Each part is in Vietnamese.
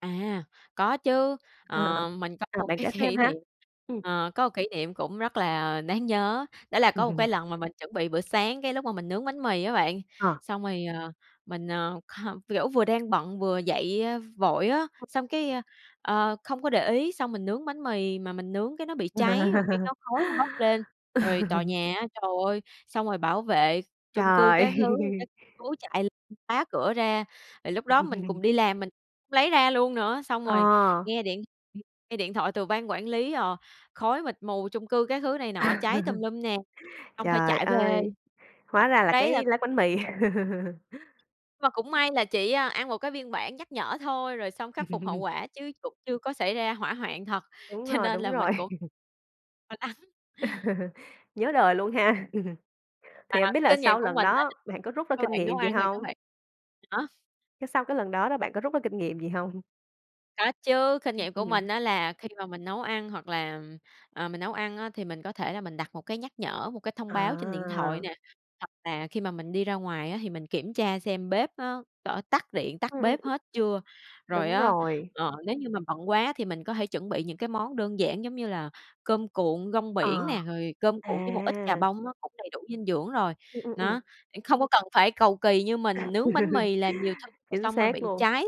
À. Có chứ. À. Ờ, mình có Ờ, một bạn cái kể thêm kỷ ha. niệm, Ừm. ờ, có kỷ niệm cũng rất là đáng nhớ. Đó là có một cái lần mà mình chuẩn bị bữa sáng, cái lúc mà mình nướng bánh mì á bạn, Ờ. xong rồi, ờ, mình, ờ, h kiểu vừa đang bận vừa dậy, a, vội á, xong cái, ơ, ờ, không có để ý, xong mình nướng bánh mì mà mình nướng cái nó bị cháy rồi cái có khói nó bốc lên. Rồi tòa nhà á, trời ơi, xong rồi bảo vệ chung cư Trời! các thứ, các cố chạy lên phá cửa ra, rồi lúc đó mình cùng đi làm, mình lấy ra luôn nữa, xong rồi À. nghe điện, ừm, nghe điện thoại từ ban quản lý, ờ, khói mịt mù chung cư các thứ này nọ, cháy tùm lum nè, xong phải Trời chạy về, ơi. ờ, Hóa ra là đấy là cái lát bánh mì. Mà cũng may là chỉ, ơ, ăn một cái biên bản nhắc nhở thôi, rồi xong khắc phục hậu quả, chứ cũng chưa có xảy ra hỏa hoạn thật, Đúng cho rồi, nên đúng là rồi. mình cũng lo lắng. Nhớ đời luôn ha! Mà Thì hổng biết là kinh nghiệm sau của lần mình á, đó bạn có rút ra các kinh bạn nấu nghiệm gì ăn thì các hông? bạn đó. Cái sau cái lần đó là bạn có rút ra kinh nghiệm gì hông? Có chứ, kinh Ưm, nghiệm của mình ừm. á là khi mà mình nấu ăn, hoặc là ờ, mình nấu ăn á thì mình có thể là mình đặt một cái nhắc nhở, một cái thông báo trên điện thoại À! nè, hoặc là khi mà mình đi ra ngoài á thì mình kiểm tra xem bếp á, có tắt điện, tắt Ừm, ừm. bếp hết chưa. Rồi Đúng á, rồi. ờ, nếu như mà bận quá thì mình có thể chuẩn bị những cái món đơn giản giống như là cơm cuộn rong biển Ờ. nè, rồi cơm cuộn với một ít chà À! bông á, cũng đầy đủ dinh dưỡng rồi. Ừm, ừm, ừm. Đó, để không có cần phải cầu kỳ như mình nướng bánh mì làm nhiều thứ rồi Chính xong rồi xác bị luôn. cháy.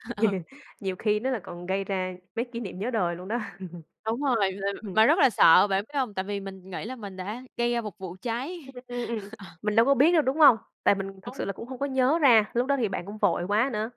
Ờ. Nhiều khi nó lại còn gây ra mấy kỷ niệm nhớ đời luôn đó. Đúng rồi, là Ừm. mà rất là sợ, bạn biết hông? Tại vì mình nghĩ là mình đã gây ra một vụ cháy. Ưm, ừm, ừm. Ờ. Mình đâu có biết đâu, đúng hông? Tại mình thực sự [unintelligible] là cũng hông có nhớ ra, lúc đó thì bạn cũng vội quá nữa.